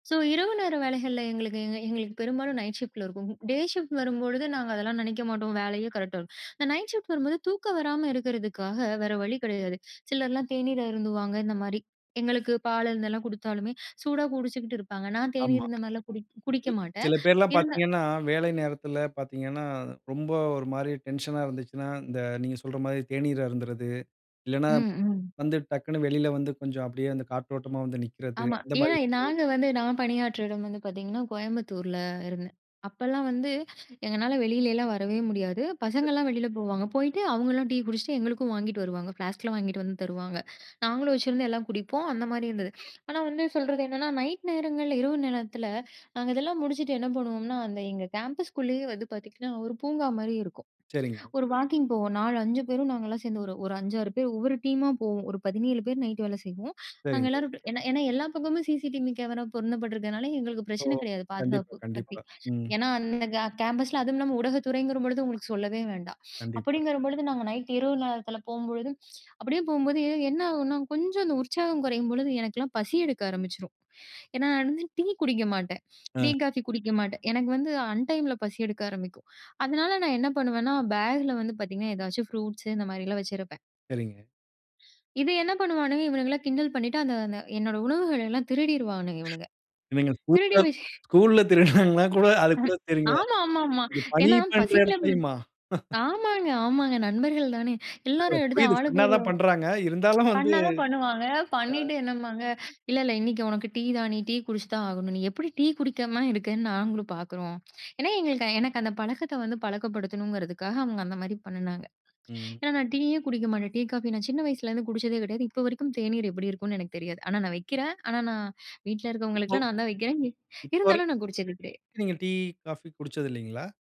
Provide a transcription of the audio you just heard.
So, இரவு நேர வேலைகள்ல எங்களுக்கு எங்க எங்களுக்கு பெரும்பாலும் நைட் ஷிஃப்ட் ல இருக்கும். டே ஷிஃப்ட் ன்னு வரும்பொழுது நாங்க அதெல்லாம் நினைக்க மாட்டோம், வேலையே கரெக்டா இருக்கும். இந்த நைட் ஷிஃப்ட் வரும்போது தூக்கம் வராம இருக்கிறதுக்காக, வேற வழி கிடையாது. சிலர்லாம் தேநீர் அருந்துவாங்க, இந்தமாரி. எங்களுக்கு பால் இருந்தெல்லாம் கொடுத்தாலுமே, சூடா குடிச்சுக்கிட்டு இருப்பாங்க. நான் தேநீர் ஆமா. இருந்தமாரிலாம் குடி குடிக்க மாட்டேன். சில பேர் எல்லாம் இருந்தா பார்த்தீங்கன்னா, வேலை நேரத்தில பார்த்தீங்கன்னா, ரொம்ப ஒருமாரி டென்ஷன் ஆ இருந்துச்சுன்னா, இந்த, நீங்க சொல்றமாரி தேநீர் அருந்துறது, இல்லன்னா, ம், ம். வந்து டக்குனு வெளில வந்து கொஞ்சம் அப்பிடியே அந்த காற்றோட்டமா வந்து நிற்கிறது, ஆமா. அந்த மாதிரி ஏன்னா, விஷயங்கள். நாங்க வந்து நான் பணியாற்றிட இடம் வந்து பார்த்தீங்கன்னா, கோயம்புத்தூர் ல இருந்தேன். அப்பலாம் வந்து, எங்களால வெளிலலாம் வரவே முடியாது. [unintelligible] பசங்கள்லாம் வெளில போவாங்க, போயிட்டு, அவங்கலாம் டீ குடிச்சிட்டு எங்களுக்கும் வாங்கிகிட்டு வருவாங்க. ஃப்ளாஸ்க் ல வாங்கிட்டு வந்து தருவாங்க. நாங்களும் வச்சுருந்து, எல்லாம் குடிப்போம். அந்தமாரி இருந்தது ஆனா வந்து சொல்றது என்னன்னா நைட் நேரங்கள்ல, இரவு நேரத்தில, நாங்க இதெல்லாம் முடிச்சிட்டு என்ன பண்ணுவோம்ன்னா, அந்த எங்க கேம்பஸ் க்குள்ளயே வந்து பார்த்தீங்கன்னா, ஒரு பூங்காமாரி இருக்கும். சரிங்க. ஒரு வாக்கிங் போவோம், 4, 5 பேரும் நாங்கள்லாம் சேர்ந்து ஒரு ஒரு 5, 6 பேர். ஒவ்வொரு டீமா போவோம். ஒரு 17 பேர் நைட்டு வேல செய்வோம். நாங்க சரிங்க. எல்லாரும் ஏன்னா எல்லா பக்கமும் சி.சி.டிவி கேமரா பொருந்தப்பட்டிருக்கிறனால, எங்களுக்கு ஓ! பிரச்சனை கிடையாது, கண்டிப்பா, பாதுகாப்பு பத்தி. கண்டிப்பா. ம். ஏன்னா அந்த அ கே கேம்பஸ் ல அதுவும் இல்லாம ஊடகத்துறைங்கிறபொழுது உங்களுக்கு சொல்லவே வேண்டாம். கண்டிப்பா. அப்பிடிங்கிறம்பொழுது, நாங்க நைட்டு இரவு நேரத்தில போம்பொழுதும், அப்பிடியே போம்போது என்ன ஆகுன்னா கொஞ்சம் அந்த உற்சாகம் குறையும்பொழுது, எனக்கெல்லாம் பசி எடுக்க ஆரம்பிச்சுரும். ஏன்னா, நான் வந்து டீ குடிக்க மாட்டேன் டீ, அ. காஃபி குடிக்க மாட்டேன். எனக்கு வந்து அன்டைம் ல பசி எடுக்க ஆரம்பிக்கும். அதனால நான் என்ன பண்ணுவேன்னா, பேக் ல வந்து பார்த்தீங்கன்னா, ஏதாச்சும் ஃப்ரூட்ஸு, இந்த மாரிலாம் வச்சிருப்பேன். சரிங்க. இது என்ன பண்ணுவானுங்க! இவனுங்களா கிண்டல் பண்ணிட்டு, அந்த அந்த என்னோட உணவுகள எல்லாம் திருடிருவானுங்க. இவனுங்க! இவங்க திருடி வ [unintelligible] ஸ்கூல்ல திருடுனாங்களான்னு கூட அது கூட அம், தெரில. ஆமா, ஆமா, ஆமா. இது பணி ஏன்னா பண்ற பசிக்கல இடத்திலயுமா? ஆமாங்க, ஆமாங்க. நண்பர்கள் தானே, இல்ல, இல்ல. எல்லாரும் எடுத்து புரியுது. ஆளுக்கு ஃபன்னா ஒரு தான் பண்றாங்க. இருந்தாலும் வந்து பண்ணா தான் பண்ணுவாங்க. அ. பண்ணிட்டு என்னம்பாங்க, "இல்ல, இல்ல இன்னைக்கு உனக்கு டீ தான். நீ டீ குடிச்சு தான் ஆகணும்! நீ எப்பிடி டீ குடிக்காம இருக்கேன்னு நாங்களும் பார்க்குறோம்." ஏன்னா, எங்களுக்கு எனக்கு அந்த பழக்கத்த வந்து பழக்கப்படுத்தணுங்கிறதுக்காக அவுங்க அந்த மாரி பண்ணுனாங்க. ம். ஏன்னா, நான் டீயே குடிக்க மாட்டேன். டீ, காஃபி நான் சின்ன வயசுலேருந்து குடிச்சதே கிடையாது. இப்ப வரைக்கும் தேநீர் எப்பிடி இருக்குன்னு எனக்கு தெரியாது. ஆனா, நான் வெக்கிறேன். ஆனா, நான் வீட்டுல ஒ இருக்கவங்களுக்கெல்லாம் நான் தான் வெக்கிறேன். எ இப்ப வரை இருந்தாலும் நான் குடிச்சது கிடைய நீங்க டீ, காஃபி குடிச்சது இல்லேங்களா?